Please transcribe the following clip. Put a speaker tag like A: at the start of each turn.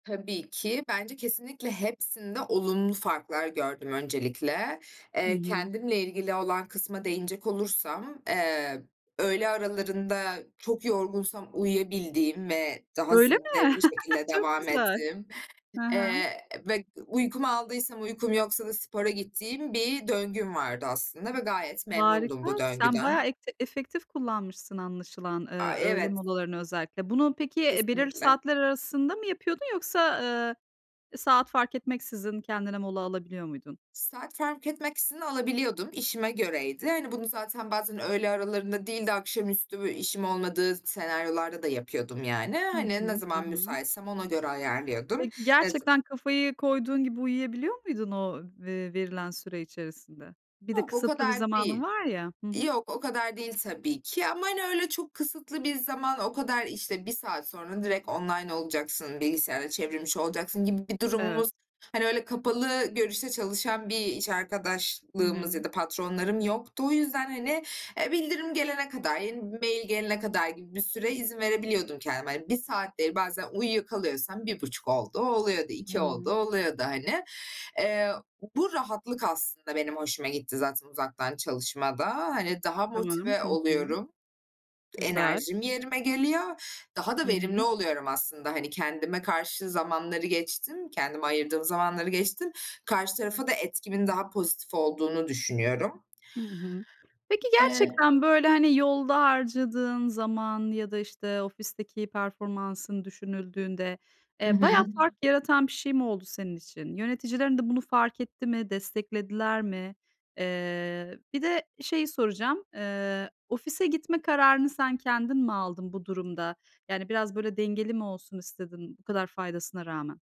A: Tabii ki bence kesinlikle hepsinde olumlu farklar gördüm öncelikle.
B: Hı
A: Eee,
B: hı.
A: kendimle ilgili olan kısma değinecek olursam, eee, öğle aralarında çok yorgunsam uyuyabildiğim ve daha
B: Öyle
A: zinde
B: mi?
A: bir şekilde
B: Çok
A: devam
B: güzel.
A: ettiğim,
B: Ha ha.
A: eee, ve uykumu aldıysam uykum yoksa da spora gittiğim bir döngüm vardı aslında ve gayet memnundum
B: Harika
A: bu
B: sen
A: döngüden.
B: bayağı ete efektif kullanmışsın anlaşılan, ııı,
A: Aaa,
B: öyle
A: evet.
B: molalarını özellikle. Bunu peki, eee, belirli
A: Kesinlikle.
B: saatler arasında mı yapıyordun yoksa, ııı, saat fark etmeksizin kendine mola alabiliyor muydun?
A: Saat fark etmeksizin alabiliyordum işime göreydi. Hani, bunu zaten bazen öğle aralarında değil de akşamüstü böyle işim olmadığı s senaryolarda da yapıyordum yani.
B: Hı
A: Hani, ne
B: hı. Hı
A: zaman
B: hı.
A: müsaitsem ona göre ayarlıyordum.
B: Peki,
A: Ve z
B: gerçekten kafayı koyduğun gibi uyuyabiliyor muydun o ve verilen süre içerisinde? Bir de
A: Yok, o
B: kısıtlı bir
A: kadar
B: zamanın
A: değil.
B: var ya. Hı hı.
A: Yok, o kadar değil tabii ki ama, hani, öyle çok kısıtlı bir zaman, o kadar işte 1 saat sonra direkt online olacaksın, bilgisayarda çevrim içi olacaksın gibi bir
B: Evet.
A: durumumuz, hani, öyle kapalı görüşte çalışan bir iş
B: Hı
A: arkadaşlığımız
B: hı.
A: ya da patronlarım yoktu. O yüzden, hani, eee, bildirim gelene kadar, yeni bir mail gelene kadar gibi bir süre izin verebiliyordum kendime, hani, 1 saat değil bazen uyuyakalıyorsam 1,5 olduğu oluyordu,
B: Hı
A: 2 olduğu
B: hı.
A: oluyordu, hani. Eee, bu rahatlık aslında benim hoşuma gitti zaten uzaktan çalışmada. Hani, daha
B: Tamam.
A: motive
B: Hı hı.
A: oluyorum.
B: Güzel.
A: Enerjim yerime geliyor. Daha
B: Hı
A: da verimli
B: hı.
A: oluyorum aslında, hani, kendime karşı zamanları geçtim, kendime ayırdığım zamanları geçtim. Karşı tarafa da etkimin daha pozitif olduğunu düşünüyorum.
B: Hı hı. Peki
A: Eee
B: gerçekten böyle, hani, yolda harcadığın zaman ya da işte ofisteki performansın düşünüldüğünde,
A: Hı
B: eee, bayağı
A: hı.
B: fark yaratan bir şey mi oldu senin için? Yöneticilerin de bunu fark etti mi? Desteklediler mi? Eee, bir de bir şeyi soracağım, eee, ofise gitme kararını sen kendin mi aldın bu durumda? Yani biraz böyle dengeli mi olsun istedin, bu kadar faydasına rağmen?